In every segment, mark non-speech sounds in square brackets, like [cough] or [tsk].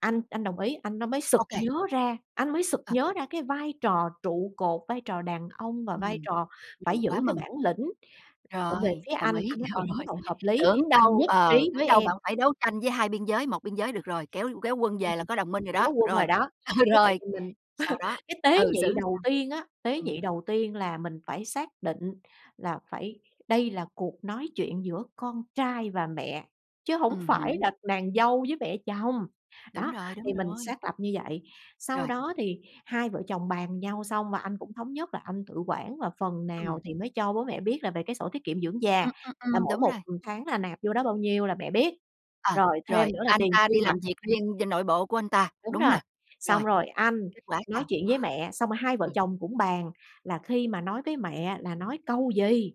Anh anh đồng ý. Anh đó mới sực OK. nhớ ra, anh mới sực Ờ. nhớ ra cái vai trò trụ cột, vai trò đàn ông và vai Ừm. trò phải Vậy giữ quá cái mừng. bản lĩnh ở về Rồi, phía đồng anh. ý, Anh nói: "Ờ, rồi, đúng rồi. rồi, hợp lý. Tưởng Anh đâu nhất ờ, trí tưởng với đâu bạn em." phải đấu tranh với hai biên giới. Một biên giới được rồi, kéo kéo quân Ừm, về là ừm. có đồng minh rồi đó. [unintelligible] Rồi, rồi đó, ờ, như vậy rồi, thì mình sau [laughs] đó, cái ờ, tế xử nhị làm đầu sao? tiên á, tế nhị Ừm. đầu tiên là mình phải xác định là phải đây là cuộc nói chuyện giữa con trai và mẹ, chứ hổng Ừm phải hứm. là nàng dâu với mẹ chồng, Đúng đó, rồi, đúng thì mình rồi. xác lập như vậy. Sau Rồi. đó thì hai vợ chồng bàn nhau xong, và anh cũng thống nhất là anh tự quản, và phần nào Ừm. thì mới cho bố mẹ biết là về cái sổ tiết kiệm dưỡng già, Ừm. Ừm. là Ừm, mỗi đúng một, rồi. ừm, tháng là nạp vô đó bao nhiêu là mẹ biết, Ờ. rồi thêm Rồi, nữa là anh tiền ta tiêu đi vặt làm việc riêng cho nội bộ của anh ta, Đúng đúng hông rồi. nè? Rồi, Xong rồi anh kết quả nói sao? chuyện với mẹ. Xong rồi hai vợ Ừ. chồng cũng bàn là khi mà nói với mẹ là nói câu gì.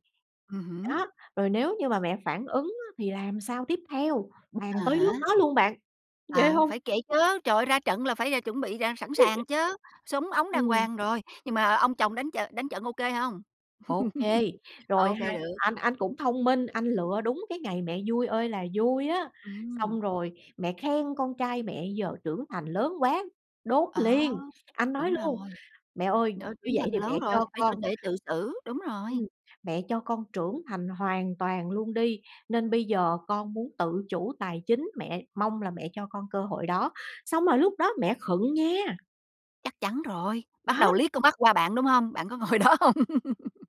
Ừm hứm. Đó, rồi nếu như mà mẹ phản ứng á thì làm sao tiếp theo, bàn À tới nước há. đó luôn bạn, ghê Ờ, hông? phải kể chớ. Trời ơi, ra trận là phải, ờ, chuẩn bị đàn sẵn [laughs] sàng chớ, súng ống đàng Ừm. hoàng rồi. Nhưng mà, ờ, ông chồng đánh trợ đánh trận OK hông? OK. [laughs] Rồi OK, hai được. anh anh cũng thông minh, anh lựa đúng cái ngày mẹ vui ơi là vui á, Ừm. xong rồi mẹ khen: "Con trai mẹ giờ trưởng thành lớn quá." Đốn Đó. liền, anh nói Đúng rồi. luôn: "Mẹ ơi, Trời ơi, như trưởng vậy thành, thì lớn mẹ rồi, cho phải tự con để tự xử, đúng rồi. ừm, "mẹ cho con trưởng thành hoàn toàn luôn đi, nên bây giờ con muốn tự chủ tài chính. Mẹ, mong là mẹ cho con cơ hội đó." Xong rồi lúc đó mẹ khựng nha! Chắc chắn rồi. Bắt Đó. đầu liếc con mắt qua bạn, đúng hông? Bạn có ngồi đó hông? [laughs]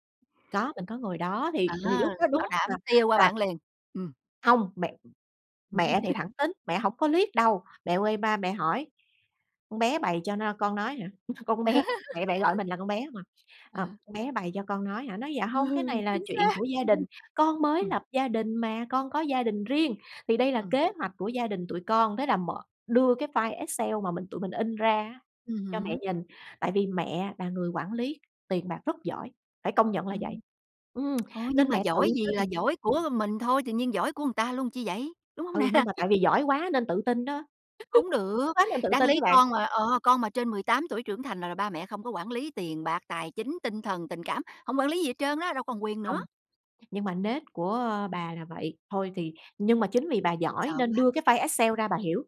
Có, mình có ngồi đó À, thì thì lúc đó bảo đúng đảm là tia qua là bạn liền. Ừm. Hông, mẹ m mẹ thì [laughs] thẳng tính. Mẹ hổng có liếc đâu, mẹ quay ba mẹ hỏi: "Con bé bày cho no con nói hả?" "Con bé" mẹ mẹ gọi [laughs] mình là "con bé" hông à. Ờm, À. "Con bé bày cho con nói hả?" Nói: "Dạ hông. Cái [laughs] này là Chính chuyện xác. của gia đình, [laughs] con mới Ừm. lập gia đình mà, con có gia đình riêng thì đây là Ừm. kế hoạch của gia đình tụi con." Thế là mở, đưa cái file Excel mà mình tụi mình in ra á Ừm cho mẹ hứm. nhìn. Tại vì mẹ là người quản lý tiền bạc rất giỏi, phải công nhận là vậy, Ừm. ừm, [tsk] Thôi, nhưng nên mà mẹ tự giỏi gì là tin. giỏi của mình thôi, tự nhiên giỏi của người ta luôn chi vậy, đúng hông Ừ, nè? nhưng mà [laughs] tại vì giỏi quá nên tự tin đó. Hổng [laughs] Giỏi được. quá nên tự Đáng tin chứ lý bạn. con mà, ờ, con mà trên 18 tuổi trưởng thành là là ba mẹ không có quản lý tiền bạc, tài chính, tinh thần, tình cảm, không quản lý gì hết trơn á. Đâu còn quyền nữa. Hông. Nhưng mà nết của bà là vậy. Thôi thì, nhưng mà chính vì bà giỏi Sợ nên quá. đưa cái file Excel ra bà hiểu.